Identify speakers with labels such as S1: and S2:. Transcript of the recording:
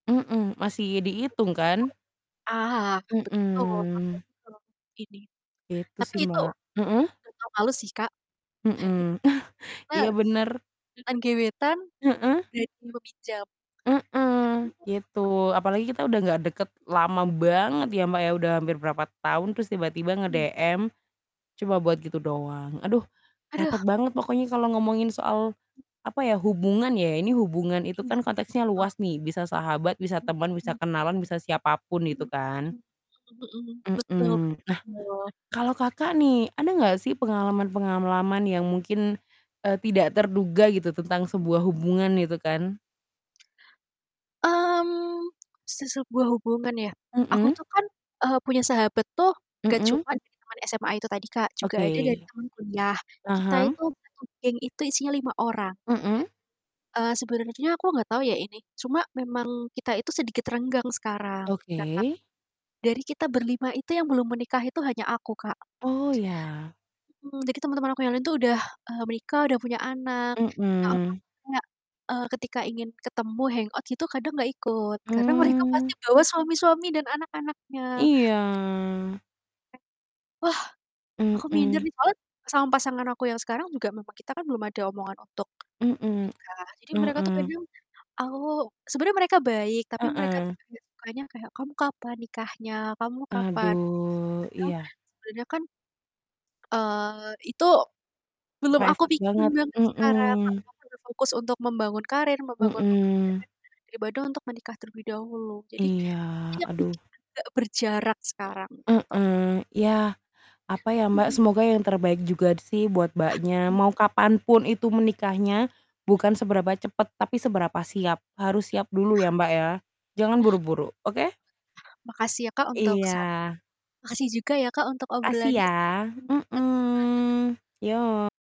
S1: Mhm, masih
S2: [unintelligible]
S1: dihitung kan?
S2: Ah hah, betul,
S1: Mhm.
S2: apalagi kalau ini,
S1: Gitu
S2: tapi
S1: sih,
S2: itu
S1: Mbak. Heeh?
S2: nggak tau malu sih, Kak.
S1: Mhm,
S2: Karena
S1: iya bener.
S2: mantan gebetan.
S1: Heeh. Heeh, gitu,
S2: [unintelligible]
S1: apalagi kita udah nggak deket lama banget ya, Mbak, ya,
S2: [unintelligible]
S1: udah hampir berapa tahun terus tiba-tiba
S2: Hmm.
S1: nge-DM cuma buat gitu doang, aduh,
S2: Aduh.
S1: repot banget pokoknya kalau ngomongin soal
S2: M
S1: apa ya, hubungan ya, ini hubungan itu
S2: Iya,
S1: kan konteksnya
S2: betul.
S1: luas nih, bisa sahabat, bisa
S2: Hmm,
S1: teman, bisa
S2: mmm.
S1: kenalan, bisa siapapun itu
S2: Mhm
S1: kan.
S2: mhm mhm mhm. Betul betul.
S1: Mhm, nah, kalau Kakak nih, ada nggak sih pengalaman-pengalaman yang mungkin, eee, tidak terduga gitu tentang sebuah hubungan itu kan?
S2: Mmm, se sebuah hubungan ya. Aku
S1: Mhm.
S2: tuh kan, eee, punya sahabat tuh nggak
S1: Mhm.
S2: cuman dari teman SMA itu tadi, Kak, juga ada dari
S1: Oke.
S2: teman kuliah. Kita
S1: Mhm.
S2: itu satu geng itu isinya 5 orang.
S1: Mhm.
S2: Eee, sebenarnya aku nggak tau ya ini, cuma memang kita itu sedikit renggang sekarang, karena
S1: Oke.
S2: dari kita ber-5 itu yang belum menikah itu hanya aku, Kak.
S1: Oh ya.
S2: Mhm, jadi teman-teman aku yang lain tuh udah, eee, menikah udah punya anak, nah
S1: Mhm.
S2: [unintelligible] kayak, eee, ketika ingin ketemu, hangout gitu, kadang nggak ikut, karena mereka
S1: Mmm.
S2: pasti bawa suami-suami dan anak-anaknya.
S1: Iya.
S2: Wah, aku minder
S1: Mhm.
S2: nih, soalnya sama pasangan aku yang sekarang juga memang kita kan belum ada omongan untuk
S1: Mhm,
S2: menikah, jadi mereka tuh
S1: mhm.
S2: kadang aku sebenernya mereka baik tapi mereka tuh
S1: Heeh.
S2: paling nggak sukanya kayak, "Kamu kapan nikahnya? Kamu kapan?"
S1: Aduh,
S2: Kadang
S1: iya.
S2: sebenernya kan, eee, itu belum aku
S1: Private
S2: pikirin
S1: banget,
S2: banget sekarang, Kak,
S1: mhm.
S2: aku berfokus untuk membangun karir, membangun
S1: Mhm.
S2: pekerjaan daripada untuk menikah terlebih dahulu, jadi,
S1: Iya,
S2: itu yang
S1: aduh.
S2: bikin agak berjarak sekarang, gitu.
S1: Mhm, ya, apa ya, Mbak,
S2: Mhm.
S1: semoga yang terbaik juga sih buat
S2: Ah,
S1: Mbaknya,
S2: iya,
S1: mau
S2: Kak.
S1: kapan pun itu menikahnya, bukan seberapa cepet tapi seberapa siap, harus
S2: [unintelligible]
S1: siap dulu ya,
S2: Iyah.
S1: Mbak, ya, jangan buru-buru, oke?
S2: Makasih ya, Kak, untuk sat
S1: Iya.
S2: makasih juga ya, Kak, untuk
S1: Makasih
S2: obrolannya.
S1: ya.
S2: [unintelligible]
S1: Mhm. Yok.